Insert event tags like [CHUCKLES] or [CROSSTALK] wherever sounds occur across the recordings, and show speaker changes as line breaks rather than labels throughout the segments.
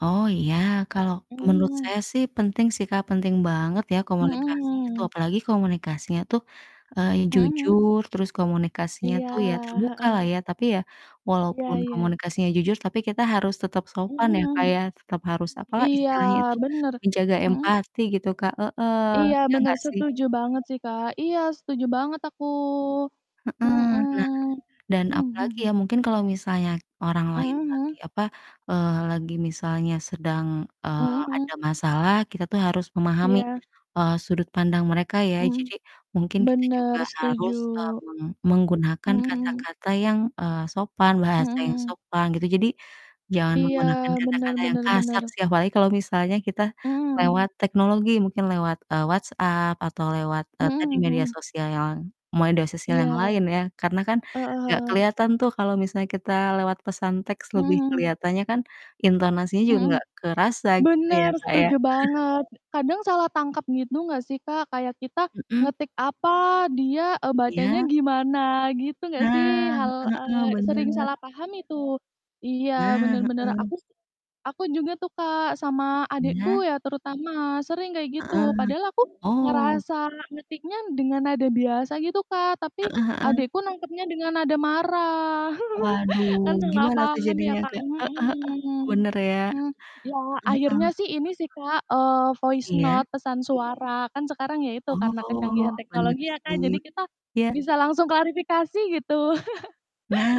Oh iya, kalau
Mhm
menurut
mhm.
saya sih penting sih, Kak, penting banget ya
Mhm,
komunikasi itu,
mmm.
apalagi komunikasinya tuh, eee,
Mhm mhm?
jujur terus komunikasinya
Iya,
tuh ya terbuka
heeh.
lah ya tapi ya, walaupun
Iya iya.
komunikasinya jujur tapi kita harus tetap sopan
Mhm
ya,
mhm.
Kak, ya tetap harus apa
Iya
istilahnya itu,
bener,
menjaga
mhm?
empati gitu. Kak, heeh.
Iya
Ya
bener
enggak sih?
setuju banget sih, Kak. Iya, setuju banget aku. Mhm,
Heeh. Nah dan
mmm,
apalagi
mhm.
ya, mungkin kalau misalnya orang lain
Mhm
lagi
mhm.
apa, eee, lagi misalnya sedang,
Mhm
eee, ada
mhm.
masalah kita tuh harus memahami,
Iya.
eee, sudut pandang mereka ya.
Mmm,
Jadi mungkin kita
bener
juga
setuju.
harus, eee, meng menggunakan
Mhm mhm.
kata-kata yang, eee, sopan,
Mhm
bahasa yang
mhm.
sopan gitu. Jadi jangan
Iya
menggunakan
bener
kata-kata yang
bener
kasar
bener.
sih, apalagi kalau misalnya kita
Mhm.
lewat teknologi, mungkin lewat, eee, WhatsApp atau lewat, eee, tadi
Mhm
media
mhm.
sosial yoang media sosial
Iya.
yang lain ya, karena kan
Heeh
enggak
heeh.
kelihatan tuh kalau misalnya kita lewat pesan teks
Mmm
lebih
mmm.
kelihatannya kan intonasinya juga
Mhm.
enggak kerasa gitu, ya,
Bener
Kak, ya.
setuju
[CHUCKLES]
banget. Kadang salah tangkap gitu nggak sih, Kak? Kayak kita
Mmm.
ngetik apa, dia, eee, bacanya
Iya.
gimana, gitu nggak sih?
Nah,
Hal
heeh heeh,
eee, sering
bener.
salah paham itu. Iya
Nah,
bener bener.
heeh.
Aku sih aku juga tuh, Kak, sama adikku
Iya.
ya terutama sering kayak gitu.
Heeh.
Padahal aku
Oh.
ngerasa ngetiknya dengan nada biasa gitu, Kak, tapi
Heeh heeh.
adikku nangkepnya dengan nada marah. [CHUCKLES] Kan
Waduh,
salah
gimana tuh
paham ya,
jadinya,
Kak,
Kak? Heeh heeh,
mhm.
bener ya.
M ya
Heeh
akhirnya
heeh.
sih ini sih, Kak, eee, voice
Iya.
note, pesan suara. Kan sekarang ya itu karena
Oh,
kecanggihan
bener
teknologi ya, Kak,
sih.
jadi kita
Iya.
bisa langsung klarifikasi gitu.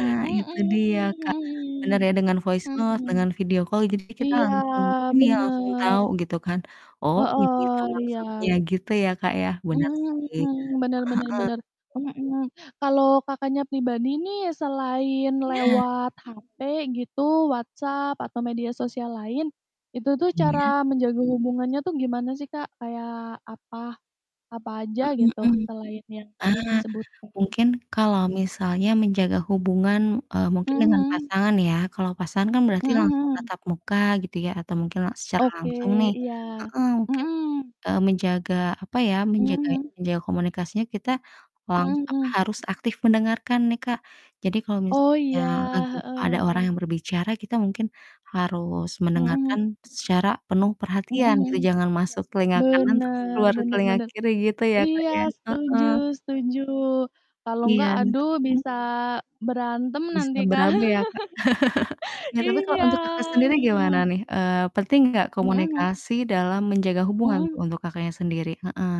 [CHUCKLES]
itu
Mhm,
dia, Kak,
mhm,
bener ya dengan voice note,
mhm.
dengan video call jadi kita
Iya,
langsung, ini ya langsung
bener.
tahu gitu kan, "Oh ini
Heeh,
toh maksudnya,"
iya.
gitu ya, Kak, ya, bener sih. Heeh
Mhm, bener bener
heeh.
bener. Mhm, kalau Kakaknya pribadi nih selain
Nah.
lewat HP gitu, WhatsApp atau media sosial lain, itu tuh
Iya.
cara menjaga hubungannya tuh gimana sih, Kak? Kayak apa apa
Mhm
aja
mhm.
gitu
Ah,
selain yang tadi disebutkan.
mungkin kalau misalnya menjaga hubungan, eee, mungkin
Mhm
dengan
mhm.
pasangan ya. Kalau pasangan kan berarti
Mhm
langsung
mhm.
tatap muka gitu ya atau mungkin la secara
Oke,
langsung nih.
iya.
Heeh, mungkin,
Mhm.
eee, menjaga apa ya,
Mmm,
menjaga
mhm.
menjaga komunikasinya kita lang
Mmm,
apa,
mhm.
harus aktif mendengarkan nih, Kak. Jadi kalau
Oh
misalnya
iya,
lagi ada orang
heeh.
yang berbicara, kita mungkin harus mendengarkan
Mhm.
secara penuh
Mmm,
perhatian
mhm.
gitu, jangan masuk telinga kanan terus
Bener
keluar
bener
telinga
bener.
kiri gitu ya, Kak,
Iya
ya, heeh.
setuju setuju. Kalau enggak
Iya,
aduh,
tapi mmm?
bisa berantem
Bisa
nanti, Kak.
berabe ya, Kak. [CHUCKLES]
[CHUCKLES]
Ya tapi kalau
Iya,
untuk Kakak sendiri gimana
mhm.
nih? Eee, penting enggak
Mmm, mhm.
komunikasi dalam menjaga hubungan
Mmm.
untuk Kakaknya sendiri, heeh.